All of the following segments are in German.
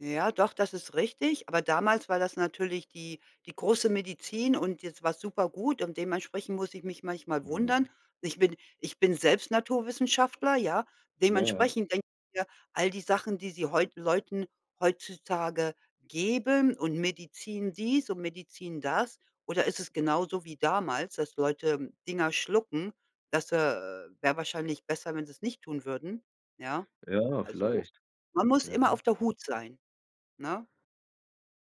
Ja, doch, das ist richtig. Aber damals war das natürlich die die große Medizin und jetzt war's supergut und dementsprechend muss ich mich manchmal Mhm. wundern. Ich bin ich bin selbst Naturwissenschaftler, ja? Ja, ja. Dementsprechend denke ich mir, all die Sachen, die sie heute Leuten heutzutage geben und Medizin dies und Medizin das oder ist es genauso wie damals, dass Leute Dinger schlucken, das, äh wäre wahrscheinlich besser, wenn sie's nicht tun würden, ja? Ja, Also, vielleicht. man muss Ja. immer auf der Hut sein, ne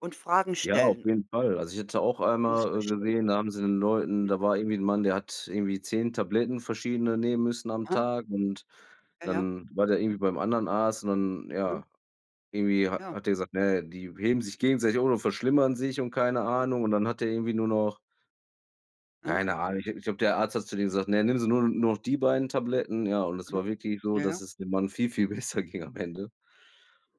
und Fragen Ja, auf stellen. jeden Fall. Also, ich hatte auch Und das einmal, äh, verstehen. gesehen, da haben sie den Leuten Mhm. da war irgendwie 'n Mann, der hat irgendwie 10 Tabletten verschiedene nehmen müssen am Hä? Tag. Und Ja, ja. dann war der irgendwie beim anderen Arzt. Und dann, Mhm. ja irgendwie ha Ja. hat der gesagt: „Na ja, die heben sich gegenseitig um und verschlimmern sich“ und keine Ahnung. Und dann hat der irgendwie nur noch Aha. keine Ahnung, ich glaube, der Arzt hat zu dem gesagt: „Ne, nimm sie nu nur noch die beiden Tabletten.“ Ja, und es Aha, war wirklich so, ja, dass ja. es dem Mann viel, viel besser ging am Ende.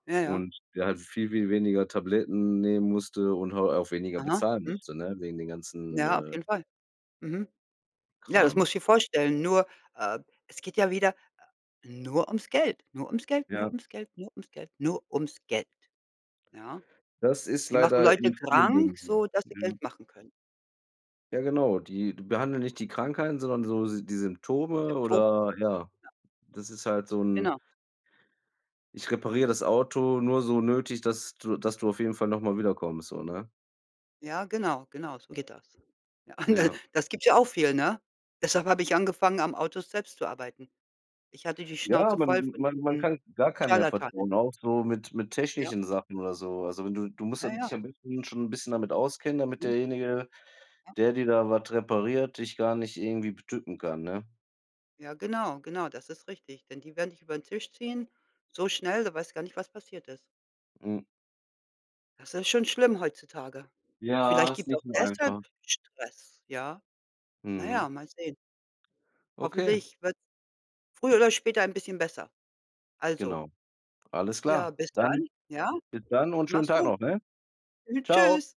Ja, ja. Und der halt viel, viel weniger Tabletten nehmen musste und halt auch weniger Aha, bezahlen mhm. musste, ne? Wegen den ganzen, Ja, auf äh jeden Fall, mhm. Ja, das Kram. musst du dir vorstellen. Nur, äh, es geht ja wieder, äh, nur ums Geld, nur ums Geld, nur Ja. ums Geld, nur ums Geld, nur ums Geld. Ja? Das ist Die machen leider Leute in vielen krank, Dingen so, so dass sie mhm. Geld machen können. Ja genau, die behandeln nicht die Krankheiten, sondern so s die Die Symptome Sympto oder ja. Ja. Das ist halt so 'n Genau. Ich repariere das Auto nur so nötig, dass du dass du auf jeden Fall noch mal wiederkommst, so, ne? Ja, genau, genau, so geht das. Ja. Das gibt ja auch viel, ne? Deshalb habe ich angefangen, am Auto selbst zu arbeiten. Ich hatte die Ja, Schnauze man voll von man man diesen kann gar keinem mehr Scharlatanen. vertrauen, auch so mit mit Ja. technischen Sachen oder so. Also, du du musst da Ja, ja. dich am besten schon 'n bisschen damit auskennen, damit Mhm. derjenige, Ja. der dir da was repariert, dich gar nicht irgendwie betücken kann, ne? Ja, genau, genau, das ist richtig. Denn die werden dich über den Tisch ziehen, so schnell, da weißt gar nicht, was passiert ist. M Das ist schon schlimm heutzutage. Ja, Vielleicht ist gibt's auch nicht nur deshalb einfach. Stress, ja. Na Mhm. ja, mal sehen. Okay. Hoffentlich wird's früher oder später ein bisschen besser. Also Genau. Alles Ja, klar. bis Dann dann, ja? bis dann und schönen Mach's Tag gut. noch, ne? Tschau. Tschüss.